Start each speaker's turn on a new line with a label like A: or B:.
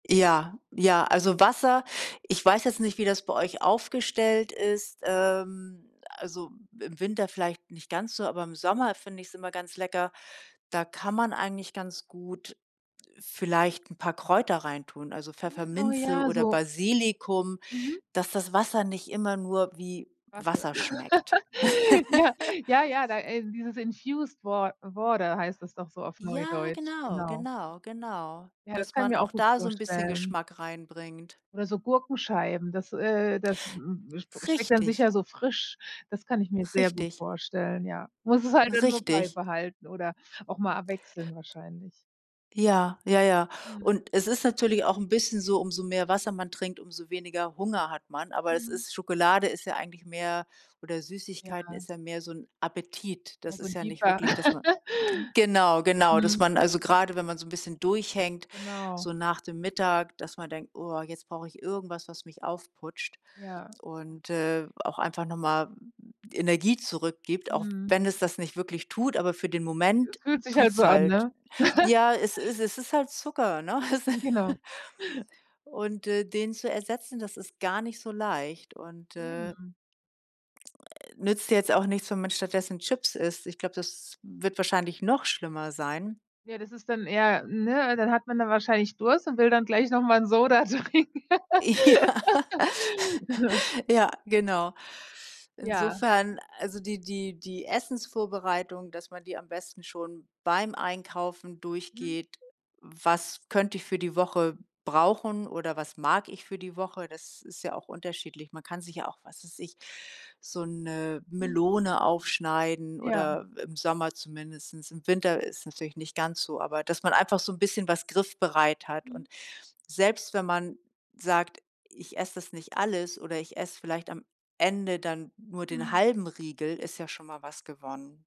A: Ja, ja, also, Wasser ich weiß jetzt nicht, wie das bei euch aufgestellt ist, ähm, also, im Winter vielleicht nicht ganz so, aber im Sommer finde ich's immer ganz lecker. Da kann man eigentlich ganz gut vielleicht 'n paar Kräuter reintun, also,
B: Mhm, oh
A: Pfefferminze
B: ja,
A: oder
B: so
A: Basilikum,
B: Mhm.
A: dass das Wasser nicht immer nur wie
B: [unintelligible]
A: Wasser schmeckt.
B: Ja. Ja, ja da, äh dieses infused wa water heißt das doch so auf
A: Ja,
B: Neudeutsch,
A: genau,
B: genau.
A: genau, genau,
B: Ja, das
A: dass
B: kann ich
A: man
B: mir
A: auch
B: auch gut
A: da so 'n bisschen
B: vorstellen.
A: Geschmack reinbringt.
B: Oder so Gurkenscheiben, das, äh das, m sp schmeckt dann
A: Richtig.
B: sicher so frisch. Das kann ich mir sehr gut
A: Richtig.
B: vorstellen, ja. Muss es halt dann nur
A: Richtig.
B: beibehalten oder auch mal abwechseln wahrscheinlich.
A: Ja. Ja, ja.
B: Mhm.
A: Und es ist natürlich auch 'n bisschen so, umso mehr Wasser man trinkt, umso weniger Hunger hat man. Aber es
B: Mhm.
A: ist Schokolade ist ja eigentlich mehr oder Süßigkeiten
B: Ja.
A: ist ja mehr so 'n Appetit. Das
B: Ja, so
A: ist
B: 'n
A: ja nicht
B: Jieper.
A: wirklich, dass man Genau, genau, dass
B: Mhm.
A: man also, grade, wenn man so 'n bisschen durchhängt,
B: Genau.
A: so nach dem Mittag, dass man denkt: „Oh, jetzt brauche ich irgendwas, was mich aufputscht
B: Ja.
A: und, äh, auch einfach noch mal Energie zurückgibt“, auch
B: Mhm.
A: wenn es das nicht wirklich tut, aber für den Moment
B: Es fühlt sich halt so
A: tut's
B: an,
A: halt.
B: ne?
A: Ja, es ist es ist halt Zucker, ne, es
B: Hm, genau.
A: und, äh, den zu ersetzen, das ist gar nicht so leicht und, äh
B: Eben.
A: nützt jetzt auch nichts, wenn man stattdessen Chips isst. Ich glaube, das wird wahrscheinlich noch schlimmer sein.
B: Ja, das ist dann eher, ne, al dann hat man da wahrscheinlich Durst und will dann gleich noch mal 'n Soda trinken.
A: Ja. Ja, genau.
B: Ja.
A: Insofern, also, die die die Essensvorbereitung, dass man die am besten schon beim Einkaufen
B: Mhm.
A: durchgeht, „was könnte ich für die Woche brauchen” oder „was mag ich für die Woche”, das ist ja auch unterschiedlich. Man kann sich ja auch, was weiß ich, so 'ne
B: Mhm.
A: Melone aufschneiden
B: Ja.
A: oder im Sommer zumindest. Im Winter ist es natürlich nicht ganz so, aber dass man einfach so 'n bisschen was griffbereit hat
B: Mhm.
A: und selbst wenn man sagt „ich esse das nicht alles“ oder „ich esse vielleicht am Ende dann nur den
B: Mhm.
A: halben Riegel”, ist ja schon mal was gewonnen.